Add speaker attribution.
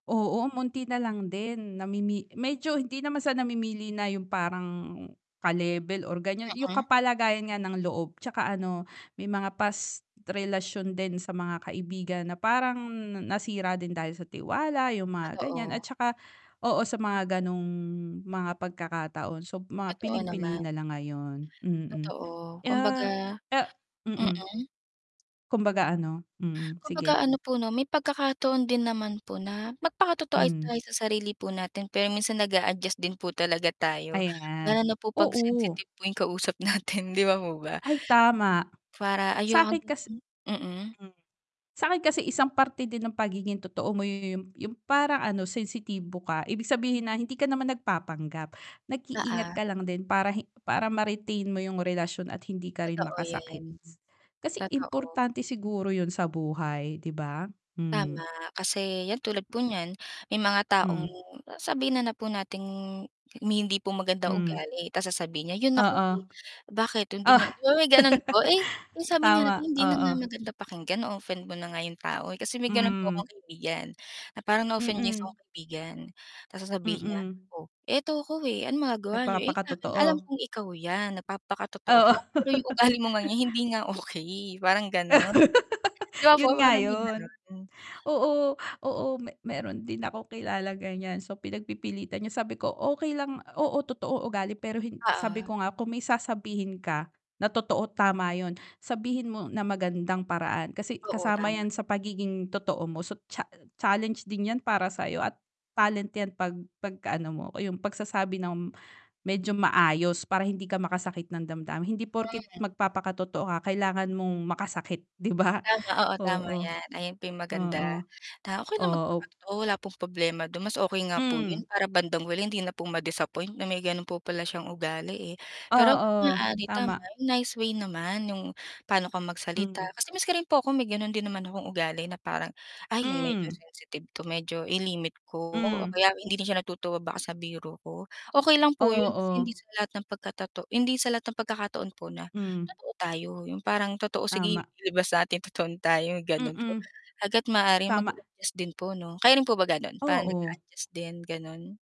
Speaker 1: Oo, buti nalang din namimi medyo hindi naman sa namimili na yung parang ka-level or ganyan. Yung
Speaker 2: Mm.
Speaker 1: kapalagayan nga ng loob 'tsaka ano may mga past relasyon din sa mga kaibigan na parang nasira din dahil sa tiwala, yung mga ganyan. At
Speaker 2: Totoo.
Speaker 1: saka oo sa mga ganong mga pagkakataon so mga
Speaker 2: Totoo
Speaker 1: piling-pili
Speaker 2: naman.
Speaker 1: nalang ngayon, mm.
Speaker 2: Totoo,
Speaker 1: ah,
Speaker 2: kumbaga
Speaker 1: ah mm.
Speaker 2: Mm?
Speaker 1: Kumbaga ano mm, sige.
Speaker 2: Kumbaga ano po 'no, may pagkakataon din naman po na magpakatotoo ay
Speaker 1: Hmm.
Speaker 2: tayo sa sarili po natin pero minsan nag-a-adjust din po talaga tayo, lalo
Speaker 1: Ayan,
Speaker 2: na po 'pag
Speaker 1: oo.
Speaker 2: sensitive po yung kausap natin 'di ba po ba?
Speaker 1: Ay, tama.
Speaker 2: Para,
Speaker 1: Sa'kin kasi
Speaker 2: [unintelligible] Mm.
Speaker 1: Hmm. Sa'kin kasi isang parte din ng pagiging totoo mo 'yun yung yung parang ano sensitibo ka, ibig sabihin na hindi ka naman nagpapanggap. Nag-iingat
Speaker 2: Oo.
Speaker 1: ka lang din para he para ma-retain mo yung relasyon at hindi ka rin
Speaker 2: Totoo yan.
Speaker 1: makasakit. Kasi
Speaker 2: Totoo.
Speaker 1: importante siguro 'yun sa buhay 'di ba?
Speaker 2: Tama,
Speaker 1: Hmm.
Speaker 2: kasi yan tulad po niyan may mga taong
Speaker 1: Hmm.
Speaker 2: sabihin na na po nating may hindi po magandang
Speaker 1: Hmm.
Speaker 2: ugali ta's sasabihin niya, "'Yun ako,
Speaker 1: Oo.
Speaker 2: eh. Bakit
Speaker 1: O
Speaker 2: hindi niya" 'Di ba, may gano'n po. Eh, sabi nga natin,
Speaker 1: Tama,
Speaker 2: "Hindi na nga
Speaker 1: oo.
Speaker 2: maganda pakinggan, na-o-offend mo na nga 'yong tao, eh." Kasi may gano'n po
Speaker 1: Hmm.
Speaker 2: akong kaibigan, na parang na-offend niya yung isa
Speaker 1: Mm.
Speaker 2: kong kaibigan ta's sasabihin niya,
Speaker 1: Mm.
Speaker 2: "Oh, eto ko, eh. Anong magagawa niyo?" "Eh, sa'kin alam
Speaker 1: Nagpapakatotoo.
Speaker 2: kong ikaw yan, nagpapakatotoo
Speaker 1: Oo.
Speaker 2: ka pero yung ugali mo ngang yan hindi nga okey." Parang gano'n. 'Di ba po
Speaker 1: 'Yun nga
Speaker 2: parang may
Speaker 1: 'yun.
Speaker 2: gano'n?
Speaker 1: Oo, oo me mayro'n din akong kilalang ganyan so pinagpipilitan niya sabi ko, "Okey lang oo totoo ugali, pero hin sabi
Speaker 2: Oo.
Speaker 1: ko nga kung may sasabihin ka na totoo, tama 'yun. Sabihin mo na magandang paraan kasi
Speaker 2: Oo,
Speaker 1: kasama
Speaker 2: tama.
Speaker 1: yan sa pagiging totoo mo so cha challenge din yan para sayo at talent yan 'pag 'pag-ano mo yung pagsasabi ng, medyo maayos para hindi ka makasakit ng damdamin, hindi porket
Speaker 2: Hmm.
Speaker 1: magpapakatotoo ka kailangan mong makasakit, 'di ba?"
Speaker 2: Tama oo, tama
Speaker 1: Oo.
Speaker 2: yan. Ayan po 'yong maganda,
Speaker 1: Oo.
Speaker 2: na okey
Speaker 1: O
Speaker 2: lang
Speaker 1: op
Speaker 2: magpakatotoo wala pong problema do'n mas okey nga po
Speaker 1: Hmm.
Speaker 2: 'yun para bandang huli hindi na po ma-disappoint na may gano'n po pala siyang ugali, eh. Pero hangga't
Speaker 1: Oo,
Speaker 2: maaari tama
Speaker 1: tama.
Speaker 2: yung nice way naman yung, paano ka magsalita
Speaker 1: Mm.
Speaker 2: kasi maski rin po ako may gano'n din naman akong ugali na parang, "Ay, medyo
Speaker 1: Hmm.
Speaker 2: sensitive to medyo i-limit ko o
Speaker 1: Hmm.
Speaker 2: kaya hindi din siya natutuwa baka sa biro ko." Okey lang po 'yun kasi
Speaker 1: Oo.
Speaker 2: hindi sa lahat ng pagkatoto hindi sa lahat ng pagkakataon po na,
Speaker 1: Hmm.
Speaker 2: totoo tayo yung parang totoo, "Sige,
Speaker 1: Tama.
Speaker 2: ilabas natin totoong tayo." Gano'n po.
Speaker 1: Mm.
Speaker 2: Hangga't maaari
Speaker 1: Tama.
Speaker 2: mag-adjust din po 'no, kayo rin po ba gano'n parang
Speaker 1: Oo.
Speaker 2: nag-a-adjust din, gano'n?